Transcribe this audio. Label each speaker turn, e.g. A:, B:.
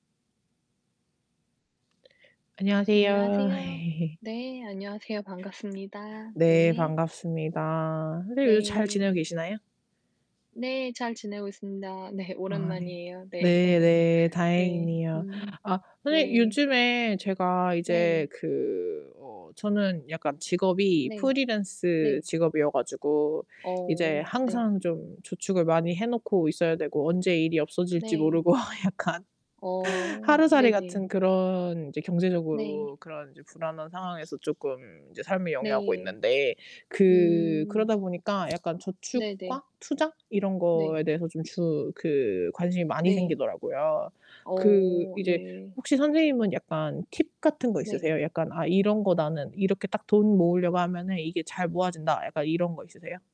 A: 안녕하세요.
B: 안녕하세요. 네, 안녕하세요. 반갑습니다.
A: 네,
B: 네.
A: 반갑습니다. 선생님 요즘 잘 지내고
B: 네.
A: 계시나요?
B: 네, 잘 지내고 있습니다. 네,
A: 아 예.
B: 오랜만이에요. 네.
A: 네 네.
B: 네.
A: 다행이네요.
B: 음
A: 아 선생님
B: 네.
A: 요즘에 제가 이제
B: 네.
A: 그 어 저는 약간 직업이
B: 네.
A: 프리랜스
B: 네.
A: 직업이어 가지고 이제
B: 어 네.
A: 항상 좀 저축을 많이 해 놓고 있어야 되고 언제 일이 없어질지
B: 네.
A: 모르고 약간.
B: 어
A: 하루살이
B: 네네.
A: 같은 그런 이제
B: 네.
A: 경제적으로 그런 불안한 상황에서 쪼끔 이제 삶을 영위하고
B: 네.
A: 있는데 그
B: 음.
A: 그러다 보니까 약간
B: 네네.
A: 저축과 투자 이런
B: 네.
A: 거에 대해서 주 그 관심이 많이
B: 네.
A: 생기더라고요. 그
B: 어
A: 이제
B: 네.
A: 혹시 선생님은 약간 팁 같은 거
B: 네.
A: 있으세요? 약간 '아 이런 거 나는 이렇게 딱 돈 모으려고 하면은 이게 잘 모아진다.' 약간 이런 거 있으세요?